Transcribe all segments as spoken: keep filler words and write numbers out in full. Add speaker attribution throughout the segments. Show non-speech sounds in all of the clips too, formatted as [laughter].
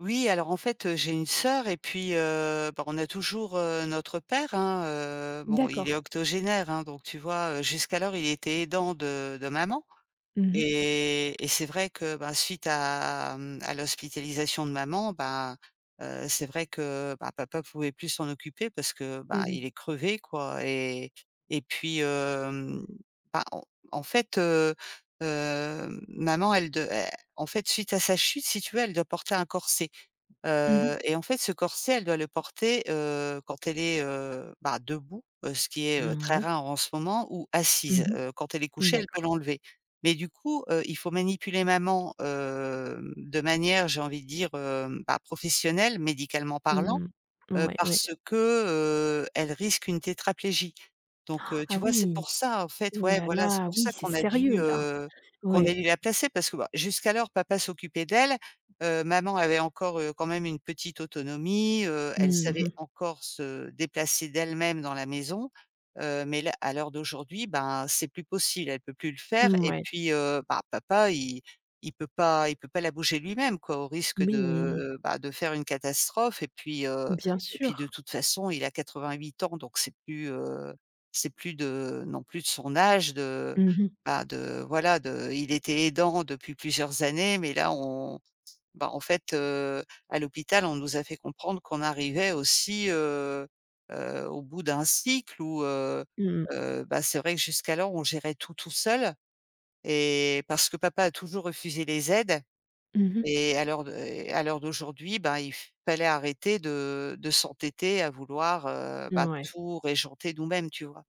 Speaker 1: Oui, alors, en fait, heu, j'ai une sœur et puis, heu, bah, on a toujours, heu, notre père, hein, heu, bon, il est
Speaker 2: D'accord.
Speaker 1: octogénaire, hein, donc, tu vois, heu, jusqu'alors, il était aidant de de maman.
Speaker 2: Mmh mh.
Speaker 1: Et et c'est vrai que, bah, suite à, mmh, à l'hospitalisation de maman, ben, heu, c'est vrai que, bah, papa pouvait plus s'en occuper parce que, bah,
Speaker 2: Eh
Speaker 1: il
Speaker 2: beh.
Speaker 1: est crevé, quoi. Et et puis, hem, bah, en en fait, heu, heu, maman, elle de elle en fait, suite à sa chute, si tu veux, elle doit porter un corset.
Speaker 2: Mmh mh.
Speaker 1: Heu, et en fait, ce corset, elle doit le porter, heu, quand elle est, heu, bah, debout, heu, ce qui est,
Speaker 2: Mmh,
Speaker 1: heu,
Speaker 2: n
Speaker 1: très
Speaker 2: ouais.
Speaker 1: rare en ce moment ou assise.
Speaker 2: Mmh
Speaker 1: Heu, quand elle est
Speaker 2: mh.
Speaker 1: couchée, elle peut
Speaker 2: D'accord.
Speaker 1: l'enlever. Mais du coup, heu, il faut manipuler maman, hem, de manière, j'ai envie de dire, heu, bah, professionnelle, médicalement parlant,
Speaker 2: Mmh,
Speaker 1: heu,
Speaker 2: moui, oui.
Speaker 1: parce que, heu, elle risque une tétraplégie. Donc heu,
Speaker 2: [gasps]
Speaker 1: tu
Speaker 2: Ah
Speaker 1: vois, c'est
Speaker 2: oui!
Speaker 1: pour ça, en fait,
Speaker 2: Oh
Speaker 1: ouais,
Speaker 2: là
Speaker 1: voilà, c'est
Speaker 2: là,
Speaker 1: pour
Speaker 2: oui,
Speaker 1: ça
Speaker 2: c'est
Speaker 1: qu'on a dû,
Speaker 2: sérieux là.
Speaker 1: heu, qu'on a
Speaker 2: Ouais.
Speaker 1: dû la placer. Parce que, ben, jusqu'alors, papa s'occupait d'elle. Heu, maman avait encore, heu, quand même une petite autonomie, heu, elle
Speaker 2: Mmh
Speaker 1: savait
Speaker 2: mh.
Speaker 1: encore se déplacer d'elle-même dans la maison. Heu, mais là, à l'heure d'aujourd'hui, ben, c'est plus possible, elle peut plus le faire et
Speaker 2: Mouais.
Speaker 1: puis, heu, bah, papa il il peut pas il peut pas la bouger lui-même quoi, au risque
Speaker 2: Oui mais
Speaker 1: de, bah, de faire une catastrophe. Et puis, heu,
Speaker 2: Bien
Speaker 1: et puis de
Speaker 2: sûr.
Speaker 1: toute façon, il a quatre-vingt-huit ans, donc c'est plus, heu, c'est plus de non plus de son âge de,
Speaker 2: Mmh mh.
Speaker 1: bah, de, voilà, de il était aidant depuis plusieurs années. Mais là, on bah, en fait, heu, à l'hôpital, on nous a fait comprendre qu'on arrivait aussi, heu, heu, au bout d'un cycle où, heu,
Speaker 2: Mmh.
Speaker 1: heu, bah, c'est vrai que jusqu'alors, on gérait tout, tout seul. Et parce que papa a toujours refusé les aides.
Speaker 2: Mmh mh.
Speaker 1: Et à l'heure d'au et à l'heure d'aujourd'hui, ben, il fallait arrêter de de s'entêter à vouloir, heu,
Speaker 2: N
Speaker 1: bah,
Speaker 2: ouais.
Speaker 1: tout régenter nous-mêmes, tu vois?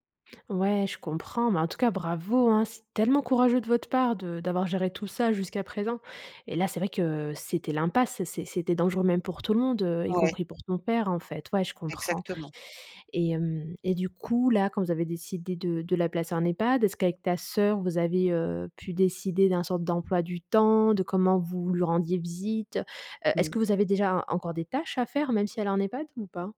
Speaker 2: Ouais, je comprends, mais en tout cas, bravo hein! C'est tellement courageux de votre part de d'avoir géré tout ça jusqu'à présent. Et là, c'est vrai que c'était l'impasse. C'est c'était dangereux, même pour tout le monde, heu, y
Speaker 1: Ouais.
Speaker 2: compris pour ton père, en fait. Ouais, je comprends
Speaker 1: Exactement.
Speaker 2: et hem et du coup, là, quand vous avez décidé de de la placer en EHPAD, est ce qu'avec ta sœur vous avez, heu, pu décider d'un sorte d'emploi du temps? De comment vous lui rendiez visite? Heu, est-ce
Speaker 1: Mmh.
Speaker 2: que vous avez déjà encore des tâches à faire, même si elle en EHPAD ou pas?